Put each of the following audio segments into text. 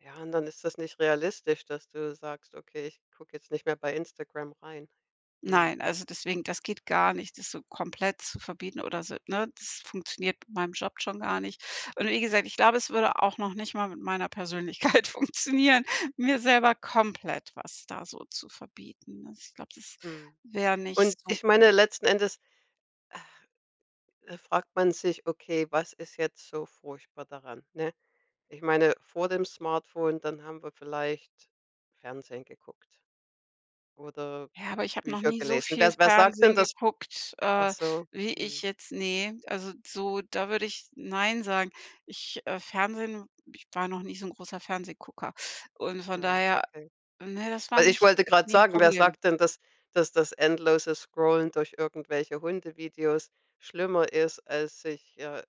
Ja, und dann ist das nicht realistisch, dass du sagst: „Okay, ich gucke jetzt nicht mehr bei Instagram rein.” Mhm. Nein, also deswegen das geht gar nicht, das so komplett zu verbieten oder so, ne? Das funktioniert mit meinem Job schon gar nicht. Und wie gesagt, ich glaube, es würde auch noch nicht mal mit meiner Persönlichkeit funktionieren, mir selber komplett was da so zu verbieten. Also, ich glaube, das Mhm. wär nicht Und so ich meine gut. letzten Endes, da fragt man sich: „Okay, was ist jetzt so furchtbar daran?” Ne? Ich meine vor dem Smartphone, dann haben wir vielleicht Fernsehen geguckt oder Ja, aber ich habe noch Bücher nie so gelesen. viel Was wer sagt denn Fernsehen das? geguckt, Ach äh, so, wie ich mhm. jetzt ne, also so da würde ich „Nein“ sagen. Ich, äh Fernsehen ich war noch nie so 'n großer Fernsehgucker und von Ja, daher okay. Ne, das war Weil ich nicht wollte grad nie 'n sagen, wer Problem. sagt denn, dass dass das endlose Scrollen durch irgendwelche Hundevideos schlimmer ist, als sich, äh,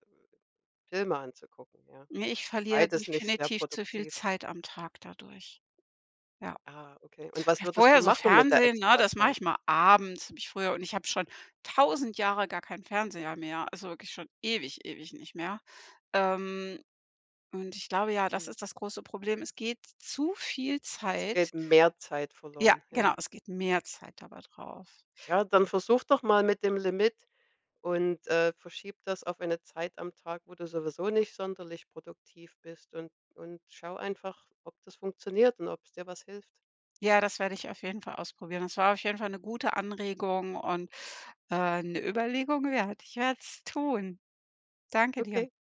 Filme anzugucken, ja. Ne, ich verliere Beides nicht sehr definitiv zu viel produktiv. Zeit am Tag dadurch. Ja, Ah, okay. Und was würdest du vorher so machen mit der Fernsehen, ne? Das mache Extrazeit? ich mal abends, habe ich früher und ich habe schon 1.000 Jahre gar kein Fernseher mehr, also wirklich schon ewig, ewig nicht mehr. Ähm, und ich glaube ja, das Mhm. ist das große Problem. Es geht zu viel Es Zeit geht mehr Zeit Ja, verloren, genau, ja. es geht mehr Zeit dabei drauf, Tja, dann wenn versuche doch mal mit dem Limit und, äh, verschiebe das auf eine Zeit am Tag, wo du sowieso nicht sonderlich produktiv bist, und und schaue einfach, ob das funktioniert und ob's dir was hilft. Ja, das werde ich auf jeden Fall ausprobieren. Das war auf jeden Fall 'ne gute Anregung und, äh, 'ne Überlegung wert. Ich werde es tun. Danke dir. Okay.